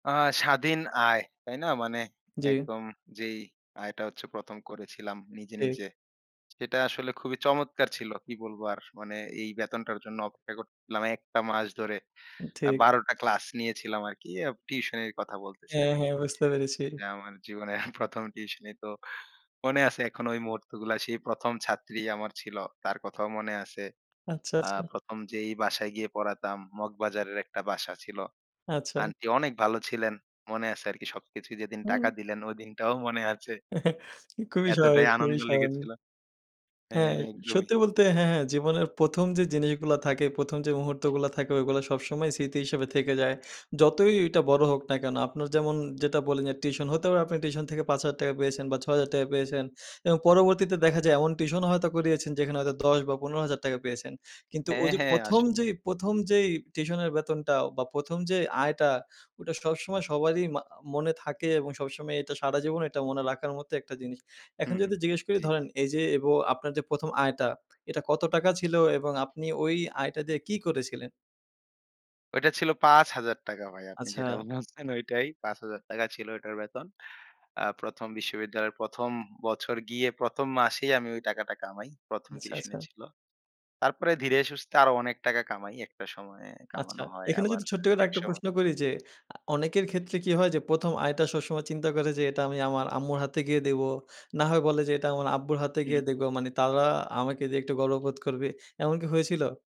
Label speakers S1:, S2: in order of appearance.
S1: আ স্বাধীন আয়, তাই না? মানে
S2: জি।
S1: একদম যেই আয়টা হচ্ছে ১ম করেছিলাম নিজে,
S2: ঠিক।
S1: নিজে সেটা আসলে খুবই চমৎকার ছিল। কি বলবো আর? মানে এই বেতনটার জন্য অপেক্ষা করতেছিলাম একটা মাস ধরে।
S2: উম
S1: আ
S2: ঠিক।
S1: ১২ টা ক্লাস নিয়েছিলাম আরকি টিউশনের কথা বলতেছি
S2: হ্যাঁ,
S1: আরকি।
S2: হ্যাঁ। বুঝতে পেরেছি।
S1: যে আমার জীবনের ১ম টিউশনি। তো মনে আছে এখন ওই মুহূর্তগুলা। সেই ১ম ছাত্রী আমার ছিল, তার কথাও মনে আছে।
S2: আচ্ছা,
S1: আ
S2: আচ্ছা।
S1: ১ম যেই বাসায় গিয়ে পড়াতাম, মগবাজারের একটা বাসা ছিল।
S2: আচ্ছা।
S1: আন্টি অনেক ভালো ছিলেন, মনে আছে আরকি সবকিছুই। যেদিন টাকা
S2: হুম।
S1: দিলেন ঐদিনটাও মনে আছে।
S2: খুবই
S1: এতটাই
S2: স্বাভাবিক খুবই
S1: আনন্দ লেগেছিল।
S2: স্বাভাবিক। হ্যাঁ,
S1: হ্যাঁ, একদমই।
S2: সত্যি বলতে হ্যাঁ, হ্যাঁ। জীবনের ১ম যে জিনিসগুলা থাকে, ১ম যে মুহূর্তগুলো থাকে ওগুলো সবসময় স্মৃতি হিসেবে থেকে যায়। যতই ওইটা বড় হোক না কেন? আপনার যেমন যেটা বললেন যে টিউশন হতে পারে আপনি টিউশন থেকে ৳৫,০০০ পেয়েছেন বা ৳৬,০০০ পেয়েছেন। এবং পরবর্তীতে দেখা যায় এমন টিউশনও হয়তো করিয়েছেন যেখানে হয়তো ১০ বা ৳১৫,০০০ পেয়েছেন। কিন্তু
S1: হ্যাঁ,
S2: ওইযে
S1: হ্যাঁ।
S2: ১ম
S1: আসলে।
S2: যেই ১ম যেই টিউশনের বেতনটা অ বা ১ম যে আয়টা, ওটা সবসময় সবারই মা মনে থাকে এবং সবসময় এটা সারাজীবন এইটা মনে রাখার মতো একটা জিনিস।
S1: হু,
S2: এখন
S1: হু।
S2: যদি জিজ্ঞেস করি
S1: জি।
S2: ধরেন এইযে এব আপনার যে ১ম আয়টা, এটা কত টাকা ছিল এবং আপনি ওই আয়টা দিয়ে কি করেছিলেন?
S1: ওইটা ছিল ৳৫,০০০ ভাই। আপনি
S2: আচ্ছা।
S1: যেটা বলছেন ঐটাই। ৳৫,০০০ ছিল ওইটার বেতন। আ ১ম বিশ্ববিদ্যালয়ের ১ম বছর গিয়ে ১ম মাসেই আমি ওই টাকাটা কামাই। ১ম
S2: আচ্ছা,
S1: টিউশনি
S2: আচ্ছা।
S1: ছিল। তারপরে ধীরে সুস্থে আরো অনেক টাকা কামাই। একটা সময়ে
S2: আচ্ছা।
S1: কামানো হয়
S2: এখানে
S1: আবার
S2: যদি ছোট্ট করে
S1: এক
S2: আরেকটা
S1: সময়
S2: প্রশ্ন করি যে আ অনেকের ক্ষেত্রে কি হয় যে ১ম আয়টা সবসময় চিন্তা করে যে এটা আমি আমার আম্মুর হাতে গিয়ে দেবো। না হয় বলে যে এটা আমার আব্বুর হাতে
S1: হু, হু।
S2: গিয়ে দেবো। মানে তারা আমাকে দিয়ে একটু গর্ববোধ করবে। এমন কি হয়েছিল?